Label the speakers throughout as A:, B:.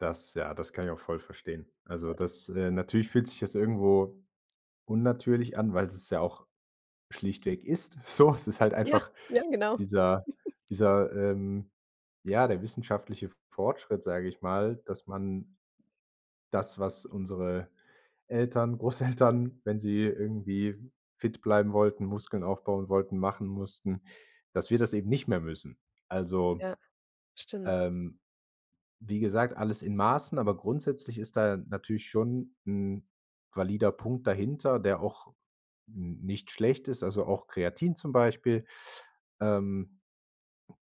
A: Das ja, das kann ich auch voll verstehen, also, das äh, natürlich fühlt sich das irgendwo unnatürlich an, weil es ja auch schlichtweg ist so. Es ist halt
B: Ja,
A: einfach
B: ja genau.
A: dieser dieser, ähm ja, der wissenschaftliche F Fortschritt, sage ich mal, dass man das, was unsere Eltern, Großeltern, wenn sie irgendwie fit bleiben wollten, Muskeln aufbauen wollten, machen mussten, dass wir das eben nicht mehr müssen. Also,
B: Ja. Stimmt.
A: ähm, wie gesagt, alles in Maßen, aber grundsätzlich ist da natürlich schon 'n valider Punkt dahinter, der auch n nicht schlecht ist, also auch Kreatin zum Beispiel, ähm,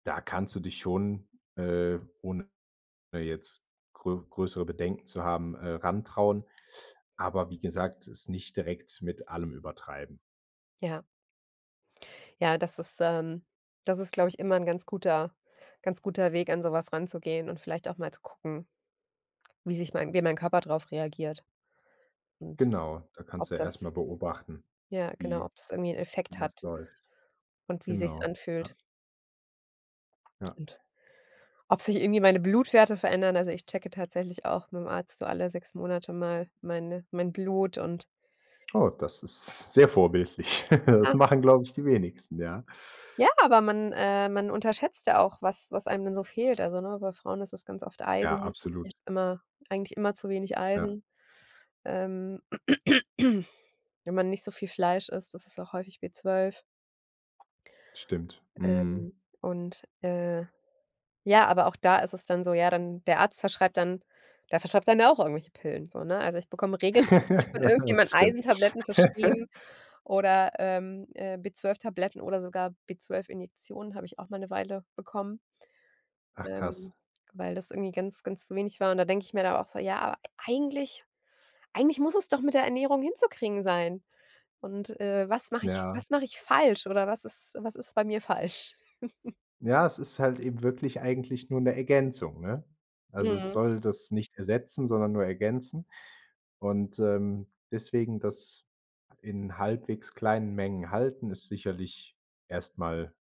A: da kannst du dich schon, äh, ohne jetzt grö größere Bedenken zu haben, äh, rantrauen, aber wie gesagt, es nicht direkt mit allem übertreiben.
B: Ja. Ja, das ist ähm, das ist glaube ich immer 'n ganz guter ganz guter Weg, an sowas ranzugehen und vielleicht auch mal zu gucken wie sich mein wie mein Körper drauf reagiert und
A: Genau, da
B: ob
A: kannst du erst mal
B: das
A: beobachten,
B: ja, genau,
A: wie
B: ob das irgendwie 'n
A: wie
B: Effekt
A: das
B: hat
A: läuft.
B: und wie sich's
A: Genau ja.
B: anfühlt
A: Ja.
B: und ob sich irgendwie meine Blutwerte verändern also, ich checke tatsächlich auch mit'm Arzt so alle 6 Monate mal meine mein Blut und
A: Oh, das ist sehr vorbildlich. Das machen, glaube ich, die wenigsten, ja.
B: Ja, aber man äh, man unterschätzt ja auch, was was einem denn so fehlt, also, ne, bei Frauen ist es ganz oft
A: Ja,
B: Eisen ich
A: absolut.
B: habe immer eigentlich immer zu wenig
A: Ja.
B: Eisen ähm, wenn man nicht so viel Fleisch isst, ist es auch häufig B12.
A: Stimmt. Mhm.
B: Ähm, und, äh, ja, aber auch da ist es dann so, ja, dann der Arzt verschreibt dann der verschreibt dann ja auch irgendwelche Pillen, so ne, also ich bekomme regelmäßig von
A: Ja,
B: irgendjemand
A: das stimmt.
B: Eisentabletten verschrieben oder, ähm, äh, B12-Tabletten oder sogar B12-Injektionen habe ich auch mal 'ne Weile bekommen
A: Ach krass.
B: ähm, weil das irgendwie ganz, ganz zu wenig war und da denke ich mir dann auch so: „Ja, aber eigentlich eigentlich muss es doch mit der Ernährung hinzukriegen sein und, äh, was mache ich
A: Ja.
B: was mache ich falsch oder was ist was ist bei mir falsch?”
A: Ja, es ist halt eben wirklich eigentlich nur 'ne Ergänzung, ne? Also, es
B: Mhm.
A: soll das nicht ersetzen, sondern nur ergänzen und, ähm, deswegen das in halbwegs kleinen Mengen halten, ist sicherlich erst mal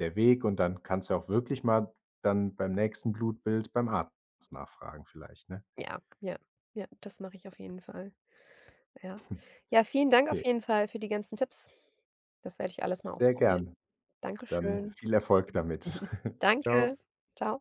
A: der Weg und dann kannst du auch wirklich mal dann beim nächsten Blutbild beim Arzt nachfragen vielleicht, ne?
B: Ja, ja, ja, das mache ich auf jeden Fall. Ja. Ja, vielen Dank auf
A: Okay.
B: jeden Fall für die ganzen Tipps. Das werde ich alles mal
A: Sehr
B: ausprobieren.
A: gerne,
B: Danke
A: dann
B: schön.
A: viel Erfolg damit. Tschau.
B: Danke. Tschau.